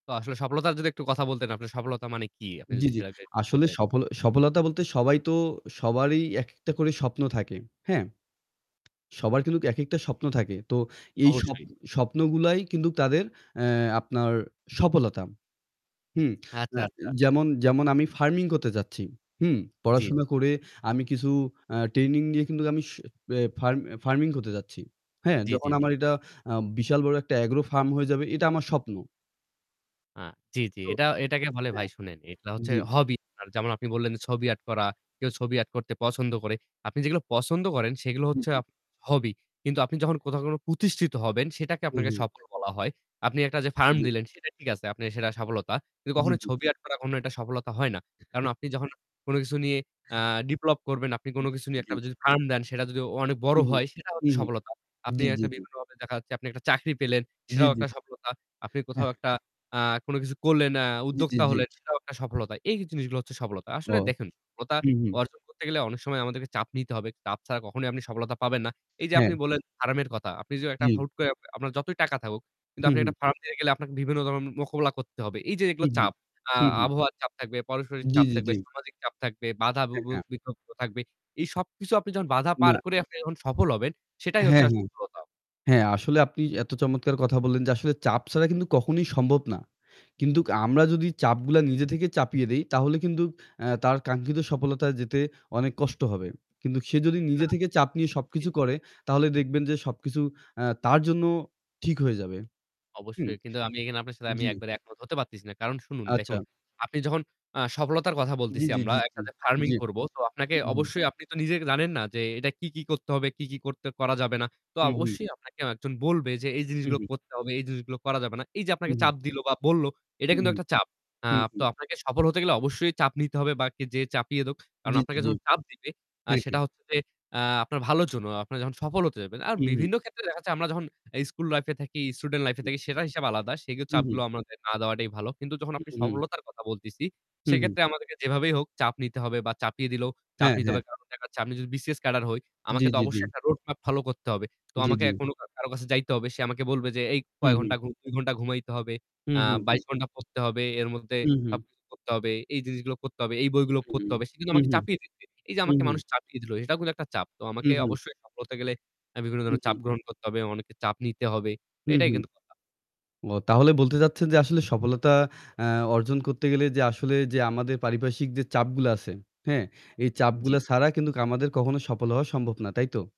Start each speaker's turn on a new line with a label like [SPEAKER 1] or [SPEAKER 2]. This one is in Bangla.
[SPEAKER 1] তো আসলে সফলতার যদি একটু কথা বলতেন। আপনার সফলতা মানে কি? আপনি
[SPEAKER 2] জি,
[SPEAKER 1] যদি
[SPEAKER 2] জি,
[SPEAKER 1] সেটাকে
[SPEAKER 2] আসলে
[SPEAKER 1] বলতেন?
[SPEAKER 2] সফল সফলতা বলতে সবাইতো সবারই এক, একটা করে স্বপ্ন থাকে। হ্যাঁ? সবার কিন্তু এক, একটা
[SPEAKER 1] জি, জি।
[SPEAKER 2] স্বপ্ন থাকে। তো এই স্বপ
[SPEAKER 1] অবশ্যই।
[SPEAKER 2] স্বপ্নগুলাই কিন্তু তাদের এ্যা আপনার সফলতা। হুম?
[SPEAKER 1] আচ্ছা,
[SPEAKER 2] এ্যা
[SPEAKER 1] আচ্ছা।
[SPEAKER 2] যেমন যেমন আমি farming করতে চাচ্ছি। হুম?
[SPEAKER 1] জি।
[SPEAKER 2] পড়াশোনা করে আমি কিছু আ training নিয়ে কিন্তু আমি স আ ফার farming করতে যাচ্ছি। হ্যাঁ?
[SPEAKER 1] জি,
[SPEAKER 2] যখন
[SPEAKER 1] জি, জি।
[SPEAKER 2] আমার এটা আ বিশাল বড় একটা agro farm হয়ে যাবে এটা আমার স্বপ্ন।
[SPEAKER 1] আ জি, জি,
[SPEAKER 2] তো,
[SPEAKER 1] এটা এটাকে বলে
[SPEAKER 2] হ্যাঁ।
[SPEAKER 1] ভাই শুনেন, এটা হচ্ছে
[SPEAKER 2] জি।
[SPEAKER 1] hobby। যেমন আপনি বললেন যে ছবি art করা। কেউ ছবি art করতে পছন্দ করে। আপনি যেগুলো পছন্দ করেন সেগুলো
[SPEAKER 2] হু,
[SPEAKER 1] হচ্ছে আ
[SPEAKER 2] জি।
[SPEAKER 1] hobby। কিন্তু আপনি যখন কোথাও কোন প্রতিষ্ঠিত হবেন সেটাকে
[SPEAKER 2] হু,
[SPEAKER 1] আপনাকে
[SPEAKER 2] হু।
[SPEAKER 1] সফল বলা হয়। আপনি একটা যে farm
[SPEAKER 2] জি।
[SPEAKER 1] দিলেন সেটা ঠিক আছে, আপনার সেটা সফলতা। কিন্তু
[SPEAKER 2] জি।
[SPEAKER 1] কখনোই
[SPEAKER 2] জি।
[SPEAKER 1] ছবি art করা কোনো একটা সফলতা হয় না। কারণ
[SPEAKER 2] [unintelligible]
[SPEAKER 1] আপনি যখন কোন কিছু নিয়ে, আ ডেভেলপ করবেন, আপনি
[SPEAKER 2] জি,
[SPEAKER 1] কোন কিছু
[SPEAKER 2] জি,
[SPEAKER 1] নিয়ে একটা
[SPEAKER 2] জি।
[SPEAKER 1] যদি farm দেন সেটা যদি অনেক বড়
[SPEAKER 2] হুম, হুম।
[SPEAKER 1] হয় সেটা
[SPEAKER 2] হু,
[SPEAKER 1] হচ্ছে
[SPEAKER 2] হুম।
[SPEAKER 1] সফলতা। আপনি
[SPEAKER 2] জি, জি,
[SPEAKER 1] একটা
[SPEAKER 2] জি।
[SPEAKER 1] বিভিন্নভাবে দেখা যাচ্ছে আপনি একটা চাকরি পেলেন
[SPEAKER 2] জি,
[SPEAKER 1] সেটাও
[SPEAKER 2] জি।
[SPEAKER 1] একটা সফলতা। আপনি কোথাও একটা, আ কোন কিছু করলেন, আ
[SPEAKER 2] জি, জি,
[SPEAKER 1] উদ্যোক্তা
[SPEAKER 2] জি।
[SPEAKER 1] হলেন সেটাও একটা সফলতা। এই জিনিসগুলো হচ্ছে সফলতা। আসলে
[SPEAKER 2] ওহ।
[SPEAKER 1] দেখেন সফলতা
[SPEAKER 2] হু, হু।
[SPEAKER 1] অর্জন করতে গেলে অনেক সময় আমাদেরকে চাপ নিতে হবে। চাপ ছাড়া কখনোই আপনি সফলতা পাবেন না। এই যে আপনি
[SPEAKER 2] হ্যাঁ।
[SPEAKER 1] বললেন farm এর কথা। আপনি যদি একটা
[SPEAKER 2] জি।
[SPEAKER 1] হুট করে আপনার যতই টাকা থাকুক কিন্তু
[SPEAKER 2] হু,
[SPEAKER 1] আপনি
[SPEAKER 2] হু।
[SPEAKER 1] একটা farm দিয়ে গেলে আপনার বিভিন্ন ধরনের মোকাবেলা করতে হবে। এই যে
[SPEAKER 2] হু,
[SPEAKER 1] এগুলো
[SPEAKER 2] হু।
[SPEAKER 1] চাপ, আ
[SPEAKER 2] হু, হু।
[SPEAKER 1] আবহাওয়ার চাপ থাকবে, পারস্পরিক
[SPEAKER 2] জি,
[SPEAKER 1] চাপ
[SPEAKER 2] জি,
[SPEAKER 1] থাকবে,
[SPEAKER 2] জি।
[SPEAKER 1] সামাজিক চাপ থাকবে, বাধা বু
[SPEAKER 2] হ্যাঁ,
[SPEAKER 1] বু
[SPEAKER 2] হ্যাঁ।
[SPEAKER 1] বিপত্তি থাকবে। এই সবকিছু আপনি যখন বাধা পার
[SPEAKER 2] না।
[SPEAKER 1] করে আপনি যখন সফল হবেন সেটাই হচ্ছে
[SPEAKER 2] হ্যাঁ,
[SPEAKER 1] আস
[SPEAKER 2] হ্যাঁ।
[SPEAKER 1] সফলতা।
[SPEAKER 2] হ্যাঁ, আসলে আপনি এত চমৎকার কথা বললেন যে আসলে চাপ ছাড়া কিন্তু কখনোই সম্ভব না। কিন্তু আমরা যদি চাপগুলা নিজে থেকে চাপিয়ে দেই তাহলে কিন্তু এ্যা তার কাঙ্ক্ষিত সফলতায় যেতে অনেক কষ্ট হবে। কিন্তু সে যদি
[SPEAKER 1] না।
[SPEAKER 2] নিজে থেকে চাপ নিয়ে
[SPEAKER 1] জি।
[SPEAKER 2] সবকিছু করে তাহলে দেখবেন যে সবকিছু আ তার জন্য ঠিক হয়ে যাবে। হুম?
[SPEAKER 1] অবশ্যই কিন্তু আমি এখানে আপনার সাথে আমি
[SPEAKER 2] জি।
[SPEAKER 1] একবারে একমত হতে পারতেছি না। কারণ শুনুন দেখুন,
[SPEAKER 2] আচ্ছা।
[SPEAKER 1] আপনি যখন আ সফলতার কথা
[SPEAKER 2] জি,
[SPEAKER 1] বলতেছি
[SPEAKER 2] জি,
[SPEAKER 1] আমরা
[SPEAKER 2] জি,
[SPEAKER 1] একটা
[SPEAKER 2] জি,
[SPEAKER 1] যে farming
[SPEAKER 2] জি।
[SPEAKER 1] করব, তো আপনাকে
[SPEAKER 2] উ, হু।
[SPEAKER 1] অবশ্যই আপনি তো নিজে জানেন না যে এটা কি, কি, করতে হবে, কি, কি, করতে করা যাবে না। তো
[SPEAKER 2] হু, হু।
[SPEAKER 1] অবশ্যই আপনাকে একজন বলবে যে "এই
[SPEAKER 2] হু,
[SPEAKER 1] জিনিসগুলো
[SPEAKER 2] হু।
[SPEAKER 1] করতে হবে, এই জিনিসগুলো করা যাবে না।" এই যে
[SPEAKER 2] হু,
[SPEAKER 1] আপনাকে
[SPEAKER 2] হু।
[SPEAKER 1] চাপ দিল বা বলল এটা
[SPEAKER 2] হু,
[SPEAKER 1] কিন্তু একটা চাপ। আ তো
[SPEAKER 2] হু।
[SPEAKER 1] আপনাকে সফল হতে গেলে অবশ্যই চাপ নিতে হবে বা কে যে চাপিয়ে দেক। কারণ
[SPEAKER 2] জি। জি।
[SPEAKER 1] আপনাকে
[SPEAKER 2] জি।
[SPEAKER 1] যখন চাপ দিবে, আ সেটা
[SPEAKER 2] হ্যাঁ।
[SPEAKER 1] হচ্ছে যে, আ আপনার ভালোর জন্য। আপনি যখন সফল হতে যাবেন আর
[SPEAKER 2] হু, হু।
[SPEAKER 1] বিভিন্ন ক্ষেত্রে দেখা যায় আমরা যখন school life এ থাকি, student life এ থাকি সেটার হিসাব আলাদা। সেই
[SPEAKER 2] হু,
[SPEAKER 1] চাপগুলো
[SPEAKER 2] হু।
[SPEAKER 1] আমাদের না দেওয়াটাই ভালো। কিন্তু যখন
[SPEAKER 2] উ,
[SPEAKER 1] আপনি
[SPEAKER 2] হু।
[SPEAKER 1] সফলতার কথা বলতেছি।
[SPEAKER 2] হু, হু।
[SPEAKER 1] সেক্ষেত্রে আমাদেরকে যেভাবেই হোক চাপ নিতে হবে বা চাপিয়ে দিলেও চাপ
[SPEAKER 2] হ্যাঁ,
[SPEAKER 1] নিতে হবে।
[SPEAKER 2] হ্যাঁ।
[SPEAKER 1] কারণ দেখা যাচ্ছে, আমি যদি BCS ক্যাডার হই।
[SPEAKER 2] জি,
[SPEAKER 1] আমাকে তো
[SPEAKER 2] জি, জি।
[SPEAKER 1] অবশ্যই একটা road map follow করতে হবে। তো
[SPEAKER 2] জি,
[SPEAKER 1] আমাকে
[SPEAKER 2] জি।
[SPEAKER 1] এ্যা কোনো কারো কাছে যাইতে হবে। সে আমাকে বলবে যে এই
[SPEAKER 2] হু,
[SPEAKER 1] কয়
[SPEAKER 2] হু।
[SPEAKER 1] ঘণ্টা ঘু ২ ঘণ্টা ঘুমাইতে হবে,
[SPEAKER 2] হু,
[SPEAKER 1] আ
[SPEAKER 2] হু,
[SPEAKER 1] ২২
[SPEAKER 2] হু।
[SPEAKER 1] ঘণ্টা পড়তে হবে, এর মধ্যে
[SPEAKER 2] হু, হু।
[SPEAKER 1] সবকিছু করতে হবে, এই জিনিসগুলো করতে হবে, এই বইগুলো
[SPEAKER 2] হু,
[SPEAKER 1] পড়তে
[SPEAKER 2] হু।
[SPEAKER 1] হবে। সে কিন্তু
[SPEAKER 2] হু,
[SPEAKER 1] আমাকে
[SPEAKER 2] হু।
[SPEAKER 1] চাপিয়ে দিচ্ছে। এই যে
[SPEAKER 2] হু,
[SPEAKER 1] আমাকে
[SPEAKER 2] হু।
[SPEAKER 1] মানুষ চাপিয়ে দিল সেটাও কিন্তু একটা চাপ। তো
[SPEAKER 2] হু,
[SPEAKER 1] আমাকে
[SPEAKER 2] হু।
[SPEAKER 1] অবশ্যই সফল হতে গেলে আমি বিভিন্ন
[SPEAKER 2] হু,
[SPEAKER 1] ধরনের চাপ
[SPEAKER 2] হু।
[SPEAKER 1] গ্রহণ করতে হবে। অনেকের চাপ নিতে হবে।
[SPEAKER 2] হু,
[SPEAKER 1] এটাই
[SPEAKER 2] হু।
[SPEAKER 1] কিন্তু কথা।
[SPEAKER 2] অ তাহলে বলতে চাচ্ছেন যে আসলে সফলতা আ অর্জন করতে গেলে যে আসলে যে, আমাদের পারিপার্শ্বিক যে চাপগুলা আছে, হ্যাঁ? এই
[SPEAKER 1] জি।
[SPEAKER 2] চাপগুলা ছাড়া কিন্তু আমাদের কখনো সফল হওয়া সম্ভব না। তাই তো?